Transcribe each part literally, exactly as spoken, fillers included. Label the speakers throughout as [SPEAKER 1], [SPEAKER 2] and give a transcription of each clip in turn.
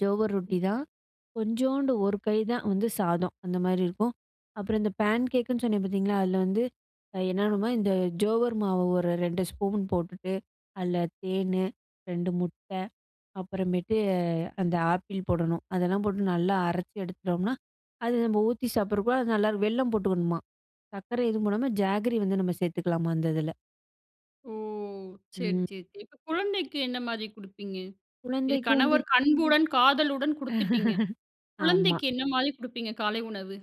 [SPEAKER 1] ஜோவர் ரொட்டிதான். கொஞ்சோண்டு ஒரு கை தான் வந்து சாதம், அந்த மாரி இருக்கும். அப்புறம் இந்த பேன்கேக்குன்னு சொன்னேன் பார்த்தீங்களா, அதில வந்து என்னாணும்னா இந்த ஜோவர் மாவு ஒரு ரெண்டு ஸ்பூன் போட்டுட்டு, அதில தேனு, ரெண்டு முட்டை அப்புறமேட்டு அந்த ஆப்பிள் போடணும். அதெல்லாம் போட்டு நல்லா அரைச்சி எடுத்துட்டோம்னா, அது நம்ம ஊத்தி சாப்பிடறப்ப அது நல்லா இருக்கும். வெல்லம் போட்டுக்கணுமா. சர்க்கரை எதும் போடாம ஜாகரி வந்து நம்ம சேர்த்துக்கலாமா அந்த இதில.
[SPEAKER 2] ஓ! சரி,
[SPEAKER 1] ம்.
[SPEAKER 2] சரி. இப்போ குழந்தைக்கு என்ன மாதிரி கொடுப்பீங்க? இது
[SPEAKER 1] குழந்தைக்கு வந்து
[SPEAKER 2] கணவர் அன்புடன், காதலுடன் கொடுத்துட்டீங்க.
[SPEAKER 1] ஆமா.
[SPEAKER 2] குழந்தைக்கு என்ன மாதிரி கொடுப்பீங்க காலை உணவு?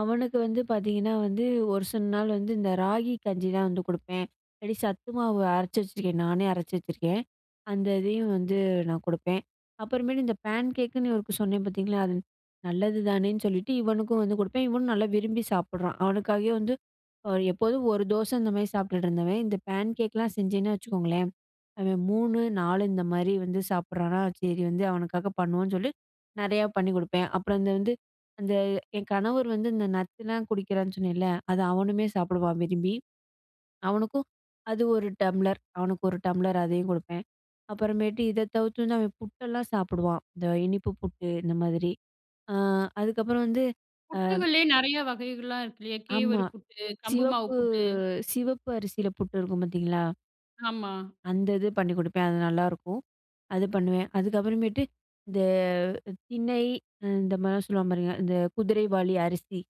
[SPEAKER 1] அவனுக்கு வந்து பார்த்தீங்கன்னா வந்து, ஒரு சில நாள் வந்து இந்த ராகி கஞ்சிதான் வந்து கொடுப்பேன். இல்லாட்டி சத்து மாவு அரைச்சு வச்சுருக்கேன், நானே அரைச்சு வச்சுருக்கேன். அந்த இதையும் வந்து நான் கொடுப்பேன். அப்புறமேட்டு இந்த பேன்கேக்குன்னு இவருக்கு சொன்னேன் பார்த்தீங்களா? அது நல்லது தானேன்னு சொல்லிட்டு இவனுக்கும் வந்து கொடுப்பேன். இவனும் நல்லா விரும்பி சாப்பிடுறான். அவனுக்காகவே வந்து எப்போதும் ஒரு தோசை இந்த மாதிரி சாப்ட்டுட்டு இருந்தவன், இந்த பேன்கேக்லாம் செஞ்சேன்னா வச்சுக்கோங்களேன், அவன் மூணு, நாலு இந்த மாதிரி வந்து சாப்பிடுறானா சரி வந்து அவனுக்காக பண்ணுவோன்னு சொல்லி, நெறையா பண்ணிக் கொடுப்பேன். அப்புறம் அந்த வந்து அந்த என் கணவர் வந்து இந்த நட்ஸ்லாம் குடிக்கிறான்னு சொன்னேன்ல. அத அவனுமே சாப்பிடுவான் விரும்பி. அவனுக்கும் அது ஒரு டம்ளர் அவனுக்கு ஒரு டம்ளர் அதையும் கொடுப்பேன். அப்புறமேட்டு இதை தவிர்த்து வந்து அவன் புட்டெல்லாம் சாப்பிடுவான். இந்த இனிப்பு புட்டு இந்த மாதிரி. அ அதுக்கப்புறம் வந்து அ
[SPEAKER 2] புட்டுகளே நெறைய வகைகள்லாம் இருக்கு இல்லையா?
[SPEAKER 1] ஆமா.
[SPEAKER 2] கேவரு புட்டு, கம்பு மாவு
[SPEAKER 1] சிவப்பு
[SPEAKER 2] புட்டு.
[SPEAKER 1] சிவப்பு அரிசியில புட்டு இருக்கும் பார்த்தீங்களா?
[SPEAKER 2] ஆமா.
[SPEAKER 1] அந்த இது பண்ணிக் கொடுப்பேன். அது நல்லாயிருக்கும்! அது பண்ணுவேன். அதுக்கப்புறமேட்டு இந்த திணை இந்த மாதிரிலாம் சொல்லுவாங்க பாருங்க, இந்த குதிரைவாலி அரிசி.